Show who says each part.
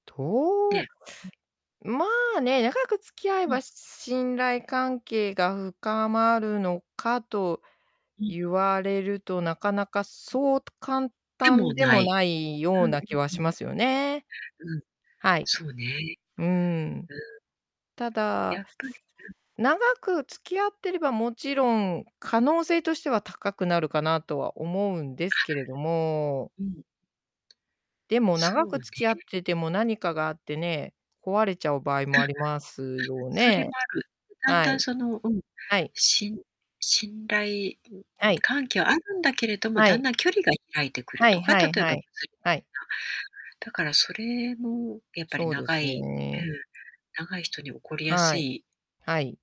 Speaker 1: うん、
Speaker 2: と
Speaker 1: うん
Speaker 2: うまあね、長く付き合え
Speaker 1: う
Speaker 2: ば、
Speaker 1: ん。
Speaker 2: し信頼関係が深まるのかと
Speaker 1: うん。
Speaker 2: 言われると、なかなか
Speaker 1: うん。
Speaker 2: そうと簡
Speaker 1: でも
Speaker 2: 単で
Speaker 1: な
Speaker 2: も
Speaker 1: い。
Speaker 2: ないよう
Speaker 1: うんう
Speaker 2: な気は
Speaker 1: んう
Speaker 2: し
Speaker 1: ん。
Speaker 2: ますよね。
Speaker 1: うん。
Speaker 2: はい。
Speaker 1: そうね。
Speaker 2: うーん。
Speaker 1: うん。
Speaker 2: た
Speaker 1: や
Speaker 2: だ、
Speaker 1: っぱり、うん。
Speaker 2: 長く付き合ってれば、もちろん、可能性としては高くなるかなとは思うんですけれども。
Speaker 1: あ。うん。
Speaker 2: でも、
Speaker 1: そ
Speaker 2: 長
Speaker 1: う
Speaker 2: く
Speaker 1: ね。
Speaker 2: 付き合ってても何かがあってね、壊れちゃう場合
Speaker 1: あ、
Speaker 2: も
Speaker 1: は、
Speaker 2: ありますよ
Speaker 1: それも
Speaker 2: ね。
Speaker 1: ある。だん
Speaker 2: は
Speaker 1: だん
Speaker 2: い。
Speaker 1: そのうん、
Speaker 2: はい。
Speaker 1: しん信頼、ん
Speaker 2: はい。
Speaker 1: 関係はあるんだけれども、
Speaker 2: は
Speaker 1: だん
Speaker 2: い。
Speaker 1: だん距離が開いてくる
Speaker 2: は
Speaker 1: と
Speaker 2: い
Speaker 1: か、
Speaker 2: はい
Speaker 1: 例え
Speaker 2: は
Speaker 1: ば [unintelligible]
Speaker 2: い。はい。
Speaker 1: だからそれもやっぱり
Speaker 2: そうで
Speaker 1: 長
Speaker 2: す
Speaker 1: いう
Speaker 2: ね。
Speaker 1: ん、長い人に起こりやす
Speaker 2: はい。
Speaker 1: い。
Speaker 2: はい。